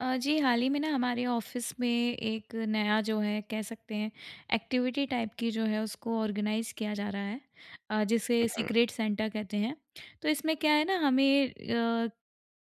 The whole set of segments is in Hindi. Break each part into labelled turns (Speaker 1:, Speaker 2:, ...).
Speaker 1: अ, जी, हाल ही में ना हमारे ऑफ़िस में एक नया जो है कह सकते हैं एक्टिविटी टाइप की जो है उसको ऑर्गेनाइज़ किया जा रहा है। अ,
Speaker 2: उ,
Speaker 1: जिसे
Speaker 2: हुँ।
Speaker 1: सीक्रेट सेंटा कहते हैं। तो इसमें क्या है ना हमें अ,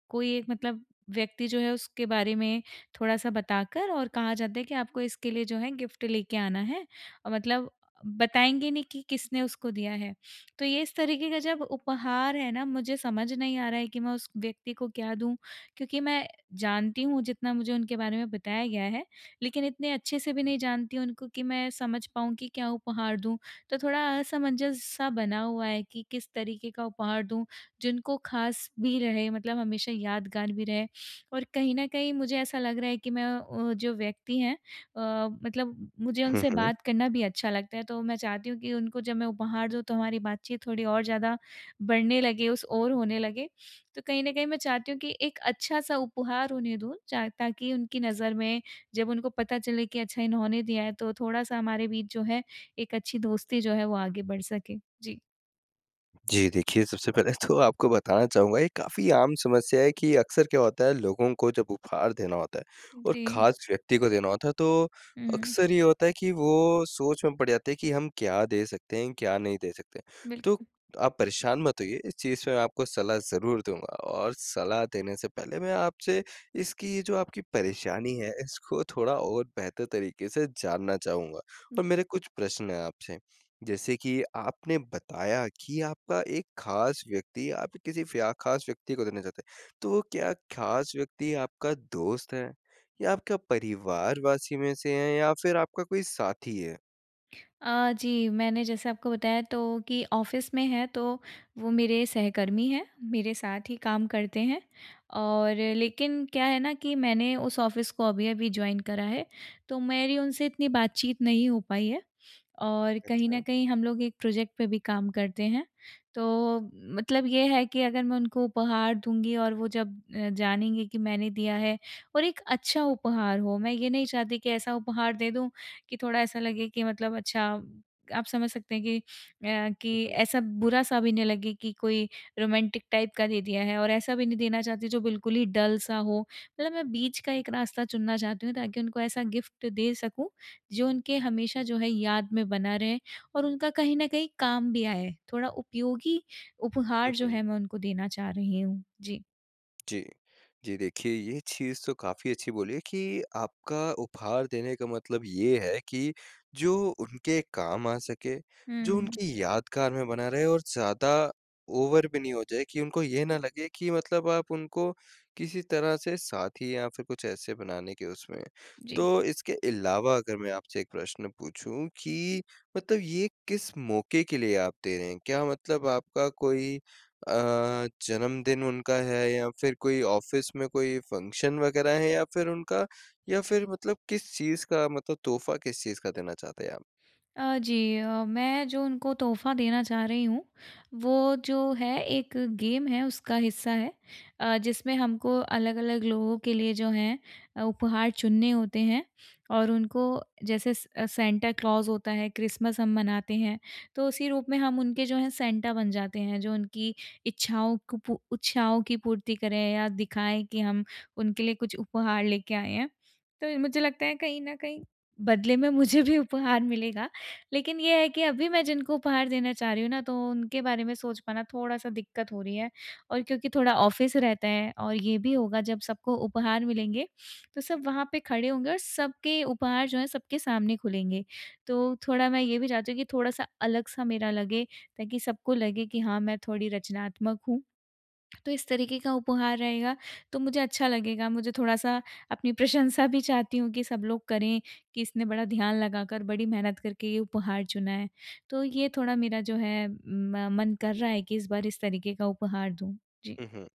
Speaker 1: कोई एक मतलब व्यक्ति जो है उसके बारे में थोड़ा-सा बताकर और कहा जाता है कि आपको इसके लिए जो है गिफ्ट लेके आना है, मतलब बताएँगे नहीं कि किसने उसको दिया है। तो ये इस तरीके का जब उपहार है ना मुझे समझ नहीं आ रहा है कि, मैं उस व्यक्ति को क्या दूँ, क्योंकि मैं जानती हूँ जितना मुझे उनके बारे में बताया गया है, लेकिन इतने अच्छे-से भी नहीं जानती हूँ उनको कि मैं समझ पाऊँ कि क्या उपहार दूँ। तो थोड़ा असमंजस सा बना हुआ है कि किस तरीके का उपहार दूँ जिनको ख़ास भी रहे मतलब हमेशा यादगार भी रहे। और कहीं न कहीं मुझे ऐसा लग रहा है कि मैं वो जो व्यक्ति हैं अ, मतलब मुझे
Speaker 2: हुँ,
Speaker 1: उनसे
Speaker 2: हुँ।
Speaker 1: बात करना भी अच्छा लगता है तो मैं चाहती हूँ कि उनको जब मैं उपहार दूँ तो हमारी बातचीत थोड़ी और ज़्यादा बढ़ने लगे उस ओर होने लगे। तो कहीं न कहीं मैं चाहती हूँ कि एक अच्छा-सा उपहार उन्हें दूँ च ताकि उनकी नज़र में जब उनको पता चले कि अच्छा इन्होंने दिया है तो थोड़ा-सा हमारे बीच जो है, एक अच्छी दोस्ती जो है वो आगे बढ़ सके। जी।
Speaker 2: जी, देखिए सबसे पहले तो आपको बताना चाहूँगा ये काफ़ी आम समस्या है कि अक्सर क्या होता है लोगों को जब उपहार देना होता है और
Speaker 1: जी।
Speaker 2: ख़ास व्यक्ति को देना होता है। तो
Speaker 1: हुँ।
Speaker 2: अक्सर ये होता है कि वो सोच में पड़ जाते हैं कि हम क्या दे सकते हैं, क्या नहीं दे सकते? तो
Speaker 1: बिल्कुल।
Speaker 2: आप परेशान मत होइए इस चीज़ में मैं आपको सलाह ज़रूर दूँगा। और सलाह देने से पहले मैं आपसे इसकी ये जो आपकी परेशानी है इसको थोड़ा और बेहतर तरीके से जानना चाहूँगा। और
Speaker 1: जी।
Speaker 2: मेरे कुछ प्रश्न हैं आपसे, जैसे कि आपने बताया कि आपका एक ख़ास व्यक्ति आप किसी फया ख़ास व्यक्ति को देना चाहते हैं। तो क्या ख़ास व्यक्ति आपका दोस्त है या आपका परिवार वासी में से हैं या फ़िर आपका कोई साथी है?
Speaker 1: अ, जी मैंने जैसा आपको बताया तो कि ऑफिस में है। तो वो मेरे सहकर्मी हैं, मेरे साथ ही काम करते हैं और लेकिन क्या है ना कि मैंने उस ऑफिस को अभी-अभी जॉइन करा है। तो मेरी उनसे इतनी बातचीत नहीं हो पाई है और कहीं
Speaker 2: अच्छा।
Speaker 1: न कहीं हम लोग एक प्रोजेक्ट पे भी काम करते हैं। तो मतलब ये है कि अगर मैं उनको उपहार दूँगी और वो जब जानेंगे कि मैंने दिया है और एक अच्छा उपहार हो मैं ये नहीं चाहती कि ऐसा उपहार दे दूँ कि थोड़ा ऐसा लगे कि मतलब अच्छा आप समझ सकते हैं कि अ,
Speaker 2: हुँ,
Speaker 1: कि
Speaker 2: हुँ।
Speaker 1: ऐसा बुरा सा भी नहीं लगे कि कोई रोमांटिक टाइप का दे दिया है। और ऐसा भी नहीं देना चाहती जो बिल्कुल ही डल सा हो। मतलब मैं बीच का एक रास्ता चुनना चाहती हूँ ताकि उनको ऐसा गिफ्ट दे सकूँ, जो उनके हमेशा जो है याद में बना रहे और उनका कहीं न कहीं काम भी आए। थोड़ा उपयोगी
Speaker 2: हुँ,
Speaker 1: उपहार जो
Speaker 2: हुँ।
Speaker 1: है मैं उनको देना चाह रही हूँ। जी।
Speaker 2: जी। जी, देखिए ये चीज़ तो काफ़ी अच्छी बोली है कि आपका उपहार देने का मतलब ये है कि जो उनके काम आ सके,
Speaker 1: हुँ,
Speaker 2: जो
Speaker 1: हुँ।
Speaker 2: उनकी यादगार में बना रहे और ज़्यादा ओवर भी नहीं हो जाए कि उनको ये ना लगे कि मतलब आप उनको किसी तरह से साथी या फिर कुछ ऐसे बनाने के उसमें हैं।
Speaker 1: जी।
Speaker 2: तो इसके अलावा अगर मैं आपसे 1 प्रश्न पूछूँ कि मतलब ये किस मौके के लिए आप दे रहे हैं? क्या मतलब आपका कोई अ, जन्मदिन उनका है या फिर कोई ऑफिस में कोई फंक्शन वगैरह है? या फिर उनका या फिर मतलब किस चीज़ का मतलब तोहफ़ा किस चीज़ का देना चाहते हैं आप?
Speaker 1: अ, जी, अ, मैं जो उनको तोहफ़ा देना चाह रही हूँ, वो जो है एक गेम है उसका हिस्सा है। अ, जिसमें हमको अलग-अलग लोगों के लिए जो है उपहार चुनने होते हैं और उनको जैसे स अ, सैंटा क्लॉज़ होता है क्रिसमस हम मनाते हैं तो उसी रूप में हम उनके जो हैं सैंटा बन जाते हैं जो उनकी इच्छाओं को पू इच्छाओं की पूर्ति करें या दिखाएँ कि हम उनके लिए कुछ उपहार लेके आए हैं। तो ये मुझे लगता है कहीं न कहीं बदले में मुझे भी उपहार मिलेगा लेकिन ये है कि अभी मैं जिनको उपहार देना चाह रही हूँ ना, तो उनके बारे में सोच पाना थोड़ा-सा दिक्कत हो रही है। और क्योंकि थोड़ा ऑफिस रहता है और ये भी होगा जब सबको उपहार मिलेंगे, तो सब वहाँ पे खड़े होंगे और सबके उपहार जो हैं सबके सामने खुलेंगे, तो थोड़ा मैं ये भी चाहती हूँ कि थोड़ा-सा अलग सा मेरा लगे ताकि सबको लगे कि हाँ, मैं थोड़ी रचनात्मक हूँ। तो इस तरीके का उपहार रहेगा तो मुझे अच्छा लगेगा, मुझे थोड़ा-सा अपनी प्रशंसा भी चाहती हूँ कि सब लोग करें कि इसने बड़ा ध्यान लगाकर बड़ी मेहनत करके ये उपहार चुना है। तो ये थोड़ा मेरा जो है म मन कर रहा है कि इस बार इस तरीके का उपहार दूँ। जी।
Speaker 2: हुँ, हुँ।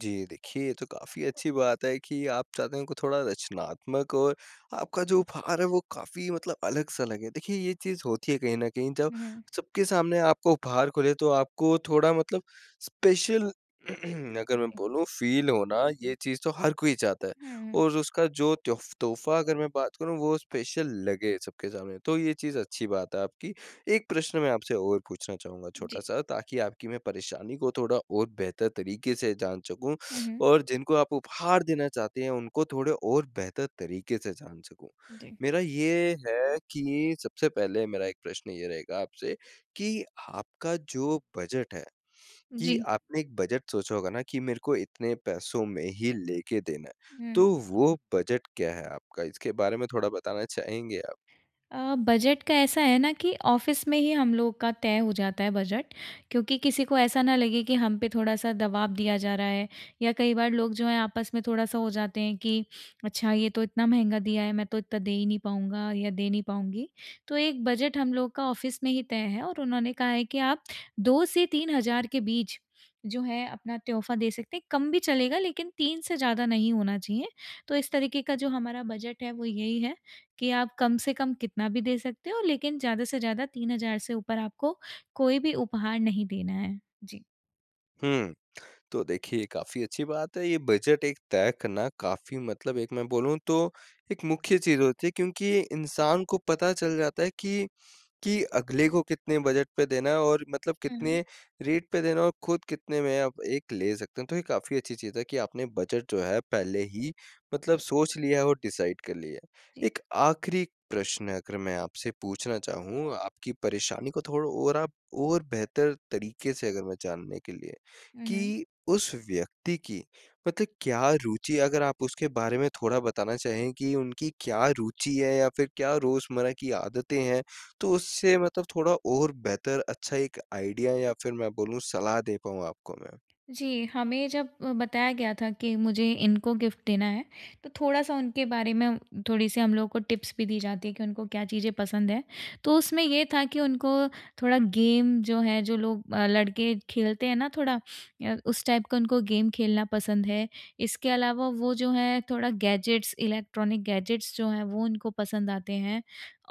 Speaker 2: जी, देखिए ये तो काफ़ी अच्छी बात है कि आप चाहते हैं उनको थोड़ा रचनात्मक और आपका जो उपहार है वो काफ़ी मतलब अलग-सा लगे। देखिए ये चीज़ होती है कहीं न कहीं जब
Speaker 1: हुँ, हुँ।
Speaker 2: सबके सामने आपको उपहार खुले तो आपको थोड़ा मतलब स्पेशल अगर
Speaker 1: उ,
Speaker 2: मैं
Speaker 1: जी।
Speaker 2: बोलूँ फील होना ये चीज़ तो हर कोई चाहता है।
Speaker 1: हुँ।
Speaker 2: और उसका जो तोफ तोहफ़ा अगर मैं बात करूँ वो स्पेशल लगे सबके सामने, तो ये चीज़ अच्छी बात है आपकी। 1 प्रश्न मैं आपसे और पूछना चाहूँगा
Speaker 1: जी।
Speaker 2: छोटा-सा ताकि आपकी मैं परेशानी को थोड़ा और बेहतर तरीके से जान सकूँ
Speaker 1: हुँ, हुँ।
Speaker 2: और जिनको आप उपहार देना चाहते हैं उनको थोड़े और बेहतर तरीके से जान सकूँ।
Speaker 1: जी।
Speaker 2: मेरा ये है कि सबसे पहले मेरा 1 प्रश्न ये रहेगा आपसे, कि आपका जो बजट है, कि
Speaker 1: जी।
Speaker 2: आपने एक बजट सोचा होगा ना कि मेरे को इतने पैसों में ही लेके देना है,
Speaker 1: हुँ।
Speaker 2: तो वो बजट क्या है आपका? इसके बारे में थोड़ा बताना चाहेंगे आप?
Speaker 1: अ, बजट का ऐसा है न कि ऑफिस में ही हम लोग का तय हो जाता है बजट, क्योंकि किसी को ऐसा न लगे कि हम पे थोड़ा-सा दबाव दिया जा रहा है, या कई बार लोग जो है आपस में थोड़ा-सा हो जाते हैं कि अच्छा ये तो इतना महँगा दिया है मैं तो इतना दे ही नहीं पाऊँगा या दे नहीं पाऊँगी। तो एक बजट हम लोग का ऑफिस में ही तय है और उन्होंने कहा है कि आप 2 से 3 हज़ार के बीच जो है अपना तोहफ़ा दे सकते हैं, कम भी चलेगा लेकिन 3 से ज़्यादा नहीं होना चाहिए। तो इस तरीके का जो हमारा बजट है वो यही है, कि आप कम से कम कितना भी दे सकते हो लेकिन ज़्यादा से ज़्यादा 3 हज़ार से ऊपर आपको कोई भी उपहार नहीं देना है। जी।
Speaker 2: हुँ। तो देखिए ये काफ़ी अच्छी बात है। ये बजट एक तय करना काफ़ी मतलब एक मैं बोलूँ तो एक मुख्य चीज़ होती है। क्योंकि इंसान को पता चल जाता है कि कि अगले को कितने बजट पे देना है और मतलब
Speaker 1: हुँ।
Speaker 2: कितने रेट पे देना है और खुद कितने में आप एक ले सकते हैं। तो ये काफ़ी अच्छी चीज़ है कि आपने बजट जो है पहले ही मतलब सोच लिया है और डिसाइड कर लिया
Speaker 1: जी।
Speaker 2: है। एक आख़िरी प्रश्न अगर मैं आपसे पूछना चाहूँ, आपकी परेशानी को थोड़ा और आप और बेहतर तरीके से अगर मैं जानने के लिए।
Speaker 1: हुँ, हुँ।
Speaker 2: कि उस व्यक्ति की मतलब क्या रूचि अगर आप उसके बारे में थोड़ा बताना चाहें कि उनकी क्या रुचि है? या फिर क्या रोज़मर्रा की आदतें हैं? तो उससे मतलब थोड़ा और बेहतर अच्छा एक आइडिया या फिर मैं बोलूँ सलाह दे पाऊँ आपको मैं।
Speaker 1: जी, हमें जब अ, बताया गया था कि मुझे इनको ग़िफ़्ट देना है। तो थोड़ा-सा उनके बारे में थोड़ी-सी हम लोगों को टिप्स भी दी जाती है कि उनको क्या चीज़ें पसंद है। तो उसमें ये था कि उनको थोड़ा गेम जो है जो लोग अ, लड़के खेलते हैं ना थोड़ा अ, उस टाइप का उनको गेम खेलना पसंद है। इसके अलावा वो जो है थोड़ा गैजेट्स, इलेक्ट्रॉनिक गैजेट्स जो हैं वो उनको पसंद आते हैं।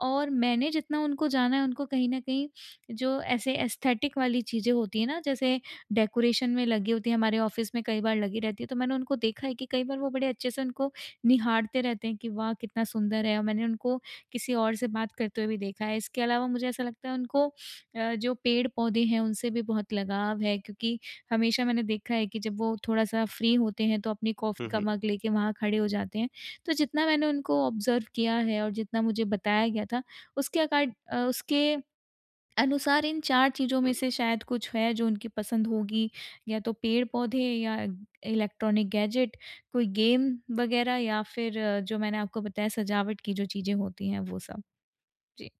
Speaker 1: और मैंने जितना उनको जाना है उनको कहीं न कहीं जो ऐसे एस्थेटिक वाली चीज़ें होती हैं ना जैसे डेकोरेशन में लगी होती है हमारे ऑफ़िस में कई बार लगी रहती है। तो मैंने उनको देखा है कि कई बार वो बड़े अच्छे से उनको निहारते रहते हैं, कि वाह! कितना सुंदर है। और मैंने उनको किसी और से बात करते हुए भी देखा है। इसके अलावा मुझे ऐसा लगता है उनको अ, जो पेड़-पौधे हैं उनसे भी बहुत लगाव है। क्योंकि हमेशा मैंने देखा है कि जब वो थोड़ा-सा फ्री होते हैं तो अपनी कॉफ़ी
Speaker 2: हुँ,
Speaker 1: का
Speaker 2: हुँ।
Speaker 1: मग लेकर वहाँ खड़े हो जाते हैं। तो जितना मैंने उनको ऑब्ज़र्व किया है और जितना मुझे बताया गया था, उसके अकॉड अ, उसके अनुसार इन 4
Speaker 2: हुँ,
Speaker 1: चीज़ों में
Speaker 2: हुँ।
Speaker 1: से शायद कुछ है जो उनकी पसंद होगी। या तो पेड़-पौधे या इलेक्ट्रॉनिक गैजेट, कोई गेम वगैरह या फिर जो मैंने आपको बताया सजावट की जो चीज़ें होती हैं वो सब। जी।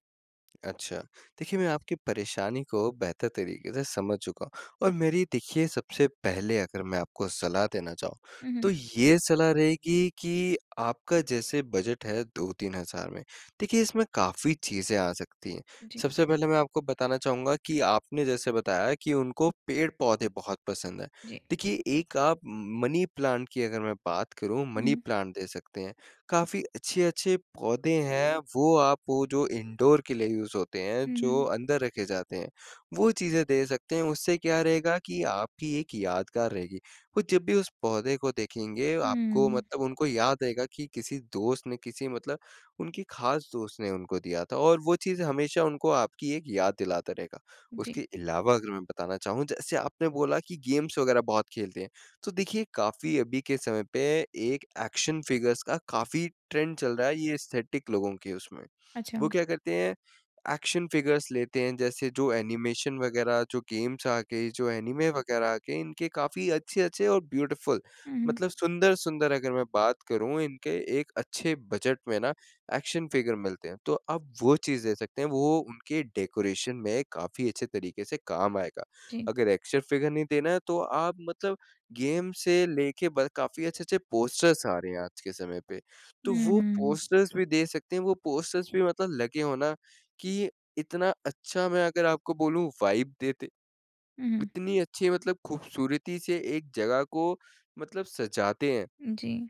Speaker 2: अच्छा, देखिए मैं आपकी परेशानी को बेहतर तरीके से समझ चुका हूँ और मेरी देखिए, सबसे पहले अगर मैं आपको सलाह देना चाहूँ,
Speaker 1: हुँ,
Speaker 2: तो
Speaker 1: हुँ।
Speaker 2: ये सलाह रहेगी कि आपका जैसे बजट है 2-3,000 में। देखिए इसमें काफ़ी चीजें आ सकती हैं।
Speaker 1: जी।
Speaker 2: सबसे पहले मैं आपको बताना चाहूँगा कि आपने जैसे बताया कि उनको पेड़-पौधे बहुत पसंद हैं।
Speaker 1: जी।
Speaker 2: देखिए एक आप म मनी प्लांट की अगर मैं बात करूँ, मनी
Speaker 1: हुँ।
Speaker 2: प्लांट दे सकते हैं। काफ़ी अच्छे-अच्छे पौधे हैं, वो आप वो जो इंडोर के लिए यूज़ होते हैं
Speaker 1: हुँ,
Speaker 2: जो
Speaker 1: हुँ।
Speaker 2: अंदर रखे जाते हैं, वो चीज़ें दे सकते हैं उससे क्या रहेगा कि आपकी एक यादगार रहेगी, वो जब भी उस पौधे को देखेंगे आपको
Speaker 1: हुँ।
Speaker 2: मतलब उनको याद रहेगा कि किसी दोस्त ने किसी मतलब उनकी खास दोस्त ने उनको दिया था और वो चीज़ें हमेशा उनको आपकी एक याद दिलाता रहेगा।
Speaker 1: जी।
Speaker 2: उसके अलावा अगर मैं बताना चाहूँ, जैसे आपने बोला कि गेम्स वग़ैरह बहुत खेलते हैं, तो देखिए काफ़ी अभी के समय पे एक एक्शन फ़िगर्स का काफ़ी ट्रेंड चल रहा है, ये एस्थेटिक लोगों के उसमें।
Speaker 1: अच्छा।
Speaker 2: वो क्या करते हैं? एक्शन फ़िगर्स लेते हैं, जैसे जो एनिमेशन वग़ैरह, जो गेम्स आ गईं, जो एनीमे वग़ैरह आ गए, इनके काफ़ी अच्छे-अच्छे और ब्यूटीफुल
Speaker 1: हुँ, हुँ।
Speaker 2: मतलब सुंदर-सुंदर अगर मैं बात करूँ इनके एक अच्छे बजट में ना एक्शन फ़िगर मिलते हैं, तो आप वो चीज़ दे सकते हैं वो उनके डेकोरेशन में काफ़ी अच्छे तरीके से काम आएगा।
Speaker 1: जी।
Speaker 2: अगर एक्शन फ़िगर नहीं देना है तो आप मतलब गेम से लेके ब काफ़ी अच्छे-अच्छे पोस्टर्स आ रहे हैं आज के समय पे, तो
Speaker 1: हुँ,
Speaker 2: वो
Speaker 1: हुँ।
Speaker 2: पोस्टर्स भी दे सकते हैं वो पोस्टर्स भी मतलब लगे हो ना कि इतना अच्छा मैं अगर आपको बोलूँ वाइब देते
Speaker 1: उ।
Speaker 2: इतनी अच्छी मतलब खूबसूरती से एक जगह को मतलब सजाते हैं।
Speaker 1: जी।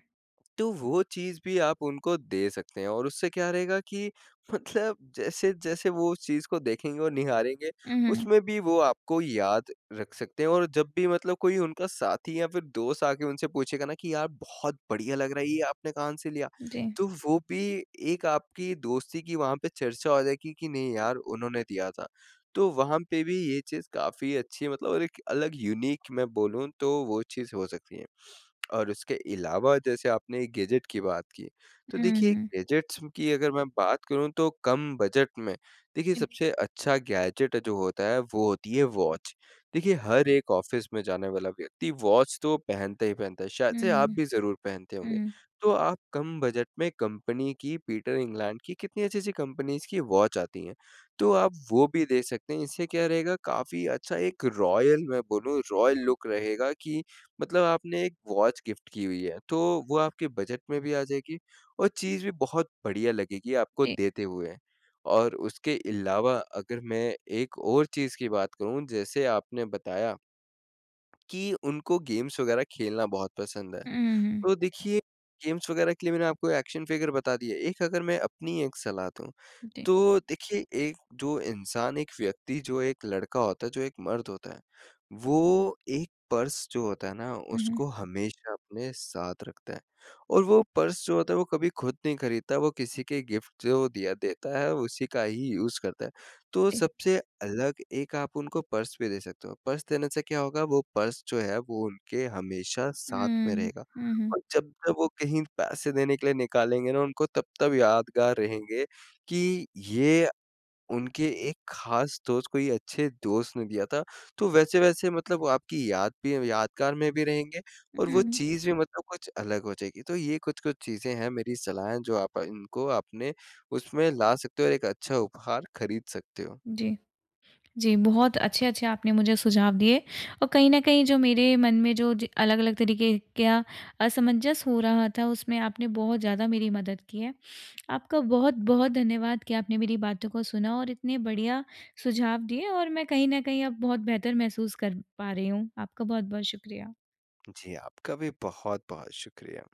Speaker 2: तो वो चीज़ भी आप उनको दे सकते हैं और उससे क्या रहेगा कि मतलब जैसे-जैसे वो उस चीज़ को देखेंगे और निहारेंगे
Speaker 1: हुँ, हुँ।
Speaker 2: उसमें भी वो आपको याद रख सकते हैं और जब भी मतलब कोई उनका साथी या फिर दोस्त आके उनसे पूछेगा ना कि यार बहुत बढ़िया लग रहा है, ये आपने कहाँ से लिया।
Speaker 1: जी।
Speaker 2: तो वो भी एक आपकी दोस्ती की वहाँ पे चर्चा हो जाएगी कि नहीं यार उन्होंने दिया था, तो वहाँ पे भी ये चीज़ काफ़ी अच्छी मतलब और एक अलग यूनिक मैं बोलूँ तो वो चीज़ हो सकती है। और उसके अलावा जैसे आपने एक गैज़ेट की बात की। तो देखिए
Speaker 1: हुँ।
Speaker 2: गैजेट्स की अगर मैं बात करूँ, तो कम बजट में देखिए
Speaker 1: [unintelligible]
Speaker 2: सबसे अच्छा गैज़ेट जो होता है वो होती है वॉच देखिए हर एक ऑफ़िस में जाने वाला व्यक्ति वॉच तो पहनता ही पहनता है, शायद
Speaker 1: हुँ,
Speaker 2: से आप
Speaker 1: हुँ।
Speaker 2: भी ज़रूर पहनते होंगे।
Speaker 1: हुँ।
Speaker 2: तो आप कम बजट में कंपनी की पीटर इंग्लैंड की कितनी अच्छी-अच्छी कंपनीज़ की वॉच आती हैं। तो आप वो भी दे सकते हैं इससे क्या रहेगा काफ़ी अच्छा एक रॉयल मैं बोलूँ, रॉयल लुक रहेगा कि मतलब आपने एक वॉच गिफ्ट की हुई है। तो वो आपके बजट में भी आ जाएगी और चीज़ भी बहुत बढ़िया लगेगी आपको
Speaker 1: जी।
Speaker 2: देते हुए और उसके अलावा अगर मैं एक और चीज़ की बात करूँ जैसे आपने बताया कि उनको गेम्स वग़ैरह खेलना बहुत पसंद है,
Speaker 1: हुँ, हुँ, हुँ।
Speaker 2: तो देखिए गेम्स वगैरह के लिए मैंने आपको एक्शन फ़िगर बता दिए। एक अगर मैं अपनी एक सलाह दूँ,
Speaker 1: जी।
Speaker 2: तो देखिए एक जो इंसान, एक व्यक्ति, जो एक लड़का होता है, जो एक मर्द होता है, वो एक पर्स जो होता है ना
Speaker 1: हुँ, हुँ।
Speaker 2: उसको हमेशा अपने साथ रखता है और वो पर्स जो होता है वो कभी खुद नहीं खरीदता वो किसी के गिफ्ट जो दिया देता है, उसी का ही यूज़ करता है, तो
Speaker 1: जी।
Speaker 2: सबसे अलग एक आप उनको पर्स भी दे सकते हो पर्स देने से क्या होगा? वो पर्स जो है वो उनके हमेशा साथ में
Speaker 1: हुँ,
Speaker 2: रहेगा
Speaker 1: हुँ, हुँ।
Speaker 2: और जब-जब वो कहीं पैसे देने के लिए निकालेंगे ना उनको तब-तब यादगार रहेंगे कि ये उनके एक ख़ास दोस्त कोई अच्छे दोस्त ने दिया था। तो वैसे-वैसे मतलब वो आपकी याद भी यादगार में भी रहेंगे और वो
Speaker 1: उ।
Speaker 2: चीज़ भी मतलब कुछ अलग हो जाएगी। तो ये कुछ-कुछ चीज़ें हैं मेरी सलाह हैं, जो आप इनको आपने उसमें ला सकते हो और एक अच्छा उपहार खरीद सकते हो।
Speaker 1: जी। जी, बहुत अच्छे-अच्छे आपने मुझे सुझाव दिए और कहीं न कहीं जो मेरे मन में जो ज अलग-अलग तरीके के अ, असमंजस हो रहा था, उसमें आपने बहुत ज़्यादा मेरी मदद की है। आपका बहुत-बहुत धन्यवाद कि आपने मेरी बातों को सुना और इतने बढ़िया सुझाव दिए और मैं कहीं न कहीं अब बहुत बेहतर महसूस कर पा रही हूँ। आपका बहुत-बहुत शुक्रिया।
Speaker 2: जी, आपका भी बहुत-बहुत शुक्रिया।